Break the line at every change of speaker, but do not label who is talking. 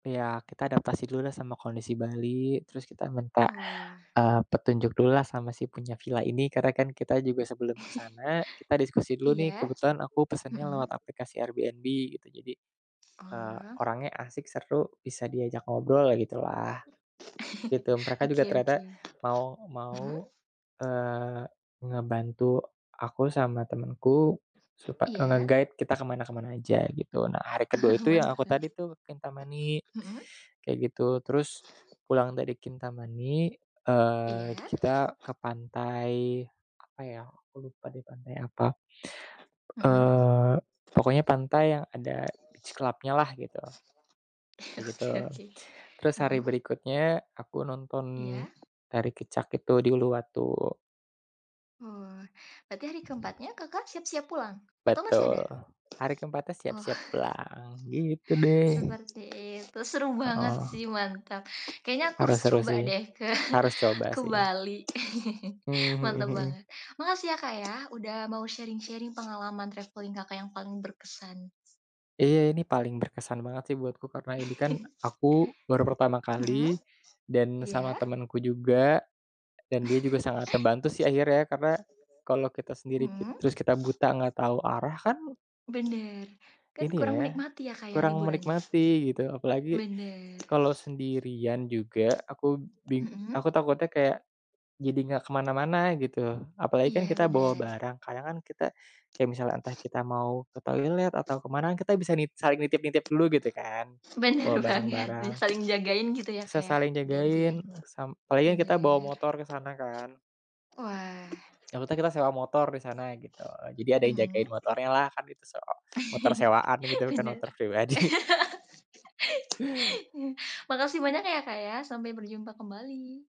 Iya, kita adaptasi dululah sama kondisi Bali terus kita minta,
Oh.
eee, petunjuk dululah sama si punya villa ini. Karena kan kita juga sebelum ke sana kita diskusi dulu nih,
Iya,
kebetulan aku pesennya
hmm.
lewat aplikasi Airbnb, gitu. Jadi, eee,
Oh.
orangnya asik, seru, bisa diajak ngobrol ya gitulah. Di tim mereka juga
Oke
ternyata
oke.
mau
Mmm.
mau, eee, ngebantu aku sama temenku, supa eee,
Iya.
nge-guide kita ke mana ke mana aja, gitu. Nah, hari ke-2 itu yang aku
Mantap.
tadi tuh Kintamani,
Hmm.
kayak gitu. Terus, pulang dari Kintamani, eee,
Iya.
kita ke pantai apa ya, aku lupa deh pantai apa.
Mhm.
Eee, pokoknya pantai yang ada beach club-nya-lah gitu. Kayak gitu.
Oke oke,
Terus hari
Mmm.
berikutnya aku nonton
Iya.
Tari Kecak itu di Uluwatu.
Oh, berarti hari ke-4-nya Kakak siap-siap pulang? Atau masih ada?
Betul, hari ke-4-nya
Oh.
siap-siap pulang, gitu deh.
Seperti itu, seru
Eee,
banget
oh.
sih, mantap. Kayaknya aku
Harus,
harus
seru
coba
sih.
deh ke
Harus coba
ke
sih.
Bali,
Mmm,
mantap
hmm hmm.
banget. Makasih ya, Kak, ya, udah mau sharing-sharing pengalaman travelling Kakak yang paling berkesan.
Iya, ini paling berkesan banget sih buatku karena ini kan aku baru pertama kali
Hmm,
dan sama
iya.
temenku juga, dan dia juga sangat terbantu sih akhirnya. Karena kalau kita sendiri kit
Mmm.
terus kita buta nggak tahu arah kan
Bener, kan
ini
kurang
ya
menikmati ya, Kak, ya
kurang
liburannya,
menikmati, gitu. Apalagi,
bener.
kalau sendirian juga aku bing
Hmm.
aku takutnya kayak jadi nggak ke mana-mana gitu. Apalagi kan
Iya,
kita bawa
bener.
barang, kadang kan kita, kayak misalnya entah kita mau ke toilet atau ke mana kan kita bisa nit saling nitip-nitip dulu gitu kan,
Bener
bawa
banget. Iya,
barang-barang.
saling jagain gitu ya, Kak,
Bisa
ya,
saling jagain,
gantian,
sam apalagi kan kita bawa
bener.
motor ke sana kan.
Wah.
Yang Kuta kita sewa motor di sana, gitu. Jadi ada yang
Mmm.
jagain motornyalah, kan itu sewa motor sewaan gitu bukan
Bener.
motor pribadi.
Makasih banyak ya, Kak, ya, sampai berjumpa kembali.